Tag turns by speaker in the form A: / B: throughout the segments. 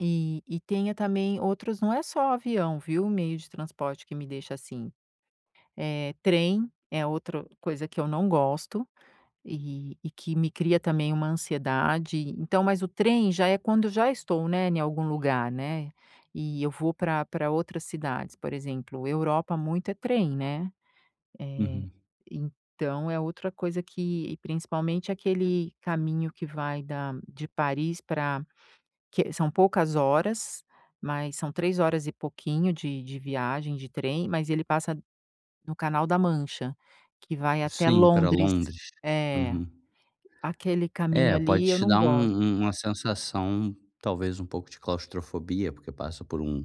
A: E e tenho, ah, também outros não é só avião, viu, meio de transporte que me deixa, assim. Eh, trem é outra coisa que eu não gosto e e que me cria também uma ansiedade. Então, mas o trem já é quando já estou, né, em algum lugar, né, e eu vou pra pra outras cidades, por exemplo, Europa muito é trem, né, eh,
B: Uhum.
A: então é outra coisa que principalmente aquele caminho que vai da de Paris pra que são poucas horas, mas são 3 horas e pouquinho de de viagem de trem, mas ele passa no canal da mancha que vai até
B: Sim, pra
A: Londres,
B: Londres.
A: eh,
B: Uhum.
A: aquele caminho
B: É, pode
A: ali eu
B: te
A: não
B: dar um
A: gosto.
B: um uma sensação, talvez, um pouco de claustrofobia, porque passa por um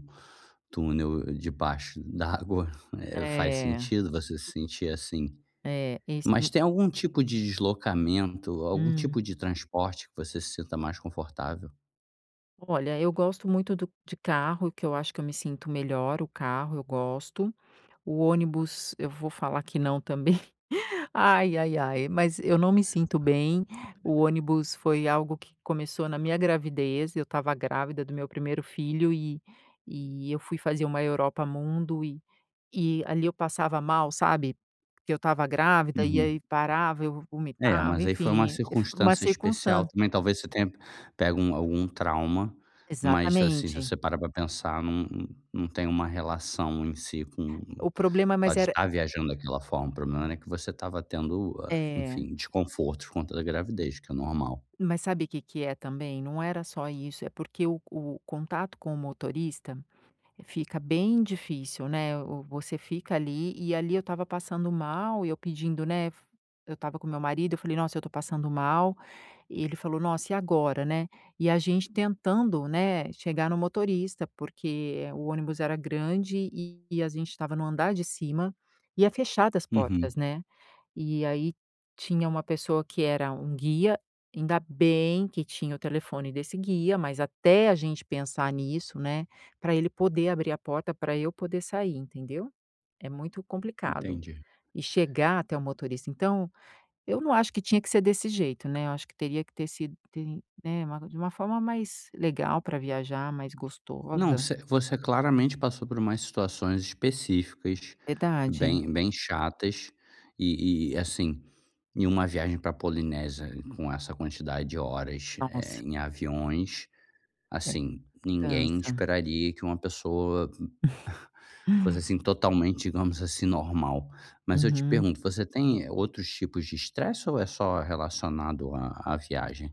B: túnel debaixo d'água, eh, faz
A: É.
B: sentido você se sentir assim.
A: É, esse
B: Mas
A: n
B: tem algum tipo de deslocamento, algum
A: Hum.
B: tipo de transporte que você se sinta mais confortável?
A: Olha, eu gosto muito do de carro, que eu acho que eu me sinto melhor, o carro eu gosto, o ônibus eu vou falar que não também, ai-ai-ai, mas eu não me sinto bem, o ônibus foi algo que começou na minha gravidez, eu estava grávida do meu primeiro filho e e eu fui fazer uma Europa Mundo e e ali eu passava mal, sabe, porque eu estava grávida e
B: Uhum.
A: aí parava, eu
B: É,
A: vomitava,
B: mas aí foi uma
A: enfim, uma
B: circunstância especial
A: circunstância
B: também, talvez, você tenha pego um algum trauma, mas, assim, se
A: Exatamente.
B: você parar pra pensar, não não tem uma relação em si com o
A: O problema mas
B: fato de
A: era
B: estar viajando daquela forma, o problema era que você estava tendo, ah,
A: É.
B: enfim, desconforto por conta da gravidez que é normal.
A: Mas sabe o que que é também, não era só isso, é porque o co o contato com o motorista fica bem difícil, né, o o você fica ali e ali eu estava passando mal e eu pedindo né, eu estava com meu marido eu falei: "Nossa, eu estou passando mal" e ele falou: "Nossa e agora, né?" E a gente tentando, né, chegar no motorista, porque o ônibus era grande e a gente estava no andar de cima e é fechada as
B: Uhum.
A: portas, né, e aí tinha uma pessoa que era um guia, ainda bem que tinha o telefone desse guia, mas até a gente pensar nisso, né, pra ele poder abrir a porta, pra eu poder sair, entendeu, é muito complicado.
B: Entendi.
A: E chegar até o motorista, então eu não acho que tinha que ser desse jeito, né, eu acho que teria que ter sido [unintelligible] né, de uma forma mais legal para viajar, mais
B: Não,
A: gostosa.
B: você você claramente passou por mais situações específicas
A: Verdade.
B: bem bem chatas e e, assim, em uma viagem pra Polinésia com essa quantidade de horas, eh,
A: Nossa!
B: em aviões,
A: É
B: assim, ninguém
A: cansa.
B: esperaria que uma pessoa fosse, assim, totalmente, digamos assim, normal. Mas eu te
A: Uhum.
B: pergunto, você tem, eh, outros tipos de estresse ou é só relacionado a a viagem?